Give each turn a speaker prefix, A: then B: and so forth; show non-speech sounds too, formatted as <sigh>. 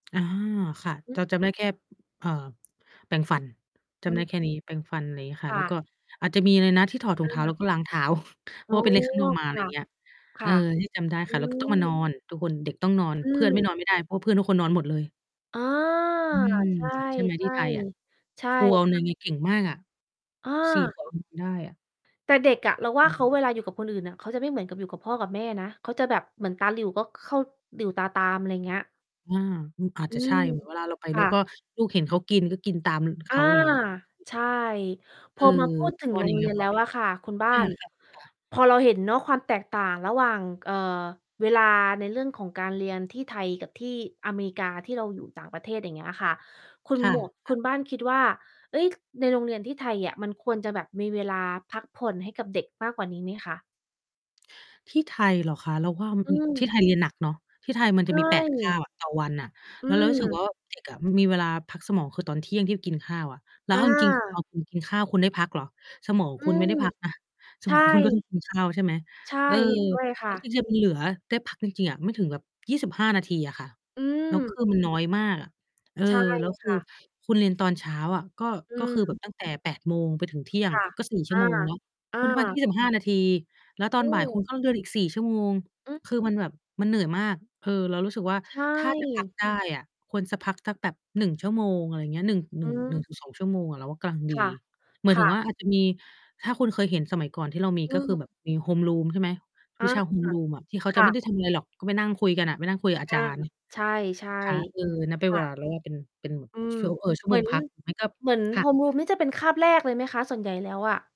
A: อา ค่ะ
B: อื
A: เจ
B: อ
A: า จำได้แค่ เอ่อ แปรงฟัน จ
B: อื
A: ำได้
B: อ
A: แค่นี้ แปรงฟัน ไรงี้ค่
B: ค
A: ะ แ
B: ่
A: ล้วก
B: ะ
A: ็อาจจะมี อะไรนะ ที่ถอดถุ
B: เอ
A: งเ
B: อ
A: ท้า
B: ค
A: แ
B: ่
A: ล
B: ะ
A: ้วก็ล้างเท้า <chuckles> เพ
B: อ
A: รา
B: ๋
A: ะ
B: อ
A: ว่าไปเล่นข้างนอกมา
B: ค
A: อะไร
B: ่
A: อ
B: ะ
A: ย่างเงี้ย
B: ค
A: เอ
B: ่
A: อ
B: ะ
A: ที่จำได้
B: อื
A: ค่ะ แล้วก็ ต้องมานอ
B: อ
A: น ทุกคน เด็กต้องนอน
B: อ
A: เพ
B: ื
A: ื่อน ไม่
B: ม
A: นอนไม่ได้ เพราะเพื่อนทุกคนนอนหมดเลย
B: อ๋อ
A: อืม
B: ใช
A: ใช่ไหมที่
B: ่
A: ไทยอะ?
B: ๆ ใช่
A: ครูเอา
B: ค
A: เล
B: ่
A: ย
B: ะ
A: งี้ เก่งมากอะ
B: เ
A: 4
B: ออ
A: คน ได้อะ
B: แต่เด็กอะ เรา
A: ค
B: ว่
A: ่
B: า เขา
A: ะ
B: เวลาอยู่กับคนอื่นน่ะ เขาจะไม่เหมือนกับอยู่กับพ่อกับแม่นะ เขาจะแบบเหมือนตาหลิ่วก็เข้า หลิ่วตาตาม อะไรเงี้ย
A: อา อือ อาจ
B: อื
A: จะใช่
B: ม
A: เหมือนเวลาเราไป
B: ค
A: เร
B: ่
A: า
B: ะ
A: ก็ ลูกเห็นเขากิน ก็กินตาม
B: อ
A: เข
B: า
A: า อย่างงี้
B: ใช่
A: เ
B: พ
A: ออ
B: อ มา พูดถึ
A: ข
B: ง
A: ้อ
B: โร
A: นี
B: ง
A: ้
B: เร
A: เ
B: ี
A: รา
B: ยน
A: ก
B: แ
A: ็
B: ล้
A: ไม
B: ว
A: ่
B: อ
A: นั
B: ะ
A: บ
B: ค่ะคุณบ้า
A: อา
B: น
A: ค่ะ ค่ะ
B: พอเราเห็นเนาะ ความแตกต่างระหว่าง เอ่อ เวลาในเรื่องของการเรียนที่ไทยกับที่อเมกา ที่เราอยู่ต่างประเทศ อย่างเงี้ยค่ะ คุณ
A: ค่
B: หมวก ค
A: ะ
B: ุ
A: ๆ
B: ณบ้านคิดว่า เฮ้ย ในโรงเรียนที่ไทยเนี่ย มันควรจะแบบมีเวลาพักผ่อนให้กับเด็กมากกว่านี้ไหมคะ?
A: ที่ไทยเหรอคะ? เราว่า อ
B: อื
A: ที่
B: ม
A: ไทยเรียนอะหนักเนาะ ที่ไทยมัน
B: ใ
A: จ
B: ช
A: ะมี 8-9
B: ่
A: ต่อวันน่ะ
B: อ
A: แ
B: ื
A: ล้วเรารู้สึก ว่
B: ม
A: า เด็กอะมันมีเวลาพักสมองคือตอน 12:00 ที่เขากินข้าวอะ แล้ว
B: อ
A: เอาจริง ๆ ตอน
B: า
A: คุณ กินข้าวคุณได้พักเหรอ? สมองของ
B: อื
A: คุณไม่
B: ม
A: ได้พักนะ ส
B: ใช
A: มอ
B: ่
A: งของคุณก็ต้อง กินข้าว ใช่ไหม
B: ใช่
A: เออ
B: เห็นด้วยค
A: แล
B: ่
A: ้ว
B: ะ
A: จริง ๆ มันเหลือได้พักจริง ๆ อะไม่ถึงแบบ 25 นาทีอะค่ะ
B: อื
A: แล้วค
B: ม
A: ือมันน้อยมากอะ เออ
B: ใช่
A: แล้วค
B: ค
A: ือ
B: ่ะ
A: คุณเรียนตอนเช้าอะ ก็
B: อื
A: ก็คือแบบ
B: ม
A: ตั้งแต่ 08:00 ไปถึง 12:00
B: ค่ะ
A: ก็ 4 ชั
B: อ
A: ่ว
B: า
A: โมงเนาะ
B: อ
A: คุณพัก
B: า
A: 25 นาที แล้วตอ
B: อื
A: นบ่ายคุณ
B: ม
A: ก็เรียนอีก 4 ชั่วโมง
B: อือ
A: คือมันแบบ มันเหนื่อยมาก เออ เรารู้สึกว่า
B: ใช
A: ถ้าจะ พัก
B: ่
A: ได้อะควรจะพักสักแบบ 1 ชั่วโมง อะไรเงี้ย 1- หน
B: อ
A: ึ
B: ื
A: ่ง หนึ่ง
B: ม
A: ถึงสอง ชั่วโมงอะเราว่ากำลัง
B: ค
A: ดี
B: ่ะ
A: หมาย
B: ค
A: ถึ
B: ่
A: ง
B: ะ
A: ว่าอาจจะมี ถ้าคุณเคยเห็นสมัยก่อนที่เรามี
B: อื
A: ก็คื
B: ม
A: อแบบมี homeroom ใช่ไหม
B: อ
A: วิ
B: า
A: ชา homeroom อะ ที่เขา
B: ค
A: จะ
B: ่
A: ไม่ไ
B: ะ
A: ด้ทำอะไรหรอก ก็ไปนั่งคุยกันน่ะ ไปนั่งคุยกับอา
B: อ
A: จ
B: า
A: ารย์
B: ใช
A: ใช่ไห
B: ่
A: ม ค่ะ เออ นับเ
B: ๆ
A: ป็
B: ค
A: นเว
B: ่
A: ลา
B: ะ
A: แรก เป็น เป็นแบบ
B: อืม
A: ชัว เอ่อ ชั่ว
B: เห
A: โ
B: ม
A: ม
B: ื
A: ง
B: อน
A: พัก ไม่ก็
B: เหมือน
A: ค่ะ ค่
B: Homeroom
A: ะ
B: นี่จะเป็นคาบแรกเลยไหมคะ ส่วนใหญ่แล้วอะ?